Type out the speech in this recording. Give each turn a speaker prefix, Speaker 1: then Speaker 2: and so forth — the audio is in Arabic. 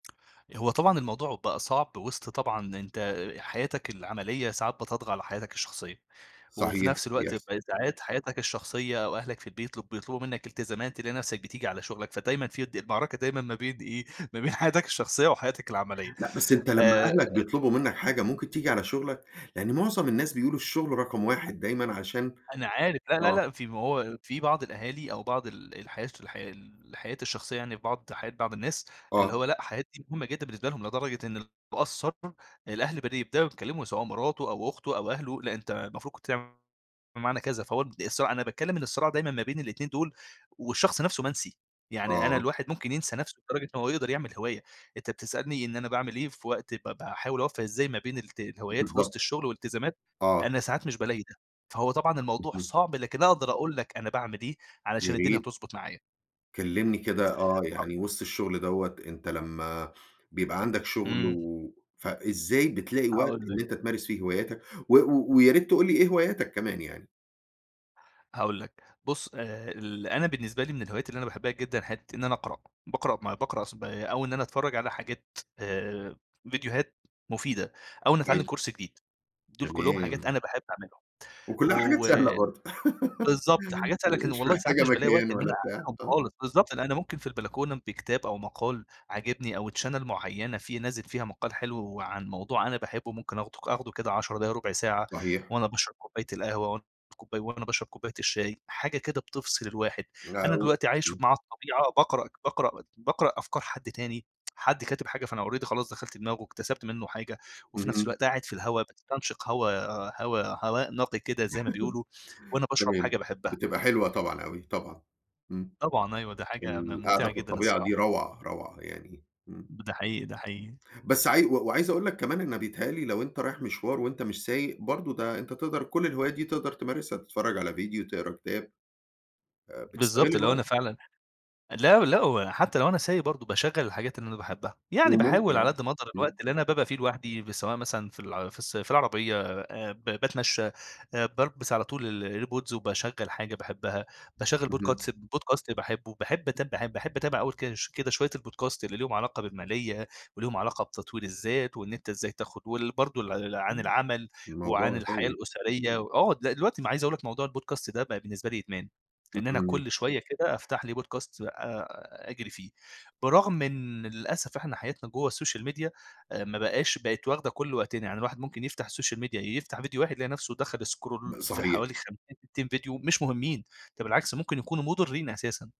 Speaker 1: هو طبعًا الموضوع بقى صعب وسط طبعًا أنت حياتك العملية ساعات بتطغى على حياتك الشخصية، وفي
Speaker 2: صحيح،
Speaker 1: نفس الوقت ب
Speaker 2: بيحصل.
Speaker 1: ساعات حياتك الشخصية أو أهلك في البيت بيطلب بيطلبوا منك التزامات، تلاقي نفسك بتيجي على شغلك، فدايمًا في د المعركة دايمًا ما بين إيه، ما بين حياتك الشخصية وحياتك العملية،
Speaker 2: لأ، بس أنت لما
Speaker 1: آآ
Speaker 2: أهلك بيطلبوا منك حاجة ممكن تيجي على شغلك؟ يعني معظم الناس بيقولوا الشغل رقم
Speaker 1: [unintelligible]
Speaker 2: 1 دايمًا عشان
Speaker 1: أنا عارف، لا، لا،
Speaker 2: آه.
Speaker 1: لا، في ما هو في بعض الأهالي أو بعض ال الحياة الش الحياة الحياة الشخصية يعني في بعض حياة بعض الناس، اللي
Speaker 2: آه.
Speaker 1: هو لأ، حاجات دي مهمة جدًا بالنسبة لهم لدرجة إنه لو قَصَّر الأهل بدأ يبدؤوا يتكلموا، سواء مراته أو أخته أو أهله، لأ أنت المفروض كنت تع بمعنى كذا، فهو بد الصراع أنا باتكلم إن الصراع دايمًا ما بين الاتنين دول، والشخص نفسه منسي، يعني أنا
Speaker 2: آه.
Speaker 1: الواحد ممكن ينسى نفسه لدرجة إن هو يقدر يعمل هواية، أنت بتسألني إن أنا باعمل إيه في وقت ب باحاول أوفّق إزاي ما بين الت الهوايات في وسط
Speaker 2: بالضبط،
Speaker 1: الشغل والالتزامات،
Speaker 2: آه.
Speaker 1: أنا ساعات مش بالاقي ده، فهو طبعًا الموضوع
Speaker 2: اهم.
Speaker 1: صعب، لكن أقدر أقول لك أنا باعمل إيه علشان الدنيا
Speaker 2: ياريت.
Speaker 1: تضبط معايا.
Speaker 2: كلمني كده آه
Speaker 1: [unintelligible]
Speaker 2: يعني وسط الشغل دوّة، أنت لما بيبقى عندك شغل،
Speaker 1: إمم.
Speaker 2: و فإزاي بتلاقي وقت
Speaker 1: هاقول
Speaker 2: إن
Speaker 1: لك.
Speaker 2: أنت تمارس فيه هواياتك؟ و و ويا ريت تقول لي إيه هواياتك كمان يعني؟
Speaker 1: هاقول لك، بُصّ آآ ال أنا بالنسبة لي من الهوايات اللي أنا باحبها جدًا حتة إن أنا أقرأ، باقرأ ما باقرأ س با أو إن أنا أتفرج على حاجات آآ، فيديوهات مفيدة، أو إني أتعلم
Speaker 2: أيوه.
Speaker 1: كورس جديد، دول كلهم حاجات
Speaker 2: تمام.
Speaker 1: أنا باحب أعملهم.
Speaker 2: وكلها حاجات
Speaker 1: و
Speaker 2: سهلة برضو،
Speaker 1: بالضبط، حاجات أنا كان
Speaker 2: مش
Speaker 1: والله ساعات
Speaker 2: محتاجة
Speaker 1: مش بالاقي وقت
Speaker 2: مكان
Speaker 1: إن
Speaker 2: ولا
Speaker 1: أنا
Speaker 2: بتاع،
Speaker 1: أعملهم
Speaker 2: آه.
Speaker 1: خالص، بالضبط لأن أنا ممكن في البلكونة بكتاب أو مقال عاجبني أو channel معينة في نازل فيها مقال حلو وعن موضوع أنا باحبه، ممكن آخده ك آخده كده 10 دقايق، ربع ساعة،
Speaker 2: صحيح.
Speaker 1: وأنا باشرب كوباية القهوة، وأنا [unintelligible] كوباية وأنا باشرب كوباية الشاي. حاجة كده بتفصل الواحد، أنا دلوقتي عايش
Speaker 2: [unintelligible]
Speaker 1: مع الطبيعة، باقرأ باقرأ باقرأ أفكار حد تاني، حد كاتب حاجة، فأنا already خلاص دخلت دماغه، اكتسبت منه حاجة، وفي نفس
Speaker 2: اهم.
Speaker 1: الوقت قاعد في الهوا باستنشق هوا هوا هواء نقي كده زي ما بيقولوا، وأنا باشرب
Speaker 2: تمام،
Speaker 1: حاجة باحبها.
Speaker 2: بتبقى حلوة طبعًا أوي، طبعًا، إمم.
Speaker 1: طبعًا، أيوه دي حاجة م
Speaker 2: القعدة
Speaker 1: ممتعة
Speaker 2: في
Speaker 1: جدًا
Speaker 2: الطبيعة دي
Speaker 1: الصراحة.
Speaker 2: روعة روعة يعني، إمم.
Speaker 1: ده حقيقي، ده حقيقي.
Speaker 2: بس عاي و وعايز أقول لك كمان أنا بيتهيأ لي لو أنت رايح مشوار وأنت مش سايق برضو ده أنت تقدر كل الهوايات دي تقدر تمارسها، تتفرج على فيديو تقرا كتاب آآ، بتستغل
Speaker 1: بالضبط اللي هو
Speaker 2: الوقت.
Speaker 1: أنا فعلًا لا، لا، وحتى لو أنا سايق برضو باشغَّل الحاجات اللي أنا باحبها، يعني باحاول على
Speaker 2: [unintelligible]
Speaker 1: قدّ ما اقدر الوقت
Speaker 2: إمم.
Speaker 1: اللي أنا بابقى فيه لوحدي، سواء مثلًا في الع في الس في العربية آآ، ب باتمشى آآ بالبس على طول ال air pods وباشغل حاجة باحبها، باشغل
Speaker 2: اهم.
Speaker 1: podcats podcast باحبه، باحب أتاب ب باحب أتابع أول كده كده شوية ال podcast اللي ليهم علاقة بالمالية، وليهم علاقة بتطوير الذات وإن أنت إزاي تاخد وال برضو ل عن
Speaker 2: امم،
Speaker 1: العمل وعن
Speaker 2: الموضوع
Speaker 1: الحياة
Speaker 2: هايل.
Speaker 1: الأسرية، آه د دلوقتي عايز أقول لك موضوع ال podcast ده بقى بالنسبة لي بقى إدمان، لإن أنا
Speaker 2: اهم.
Speaker 1: كل شوية كده أفتح لي Podcast آآ أجري فيه، برغم إن للأسف إحنا حياتنا جوا السوشيال ميديا آآ ما بقاش بقت واخدة كل وقتنا، يعني الواحد ممكن يفتح السوشيال ميديا يفتح فيديو واحد، يلاقي نفسه دخل scroll
Speaker 2: ب
Speaker 1: في
Speaker 2: صحيح.
Speaker 1: حوالي 50 60 فيديو مش مهمين، ده بالعكس ممكن يكونوا مضرين أساسًا.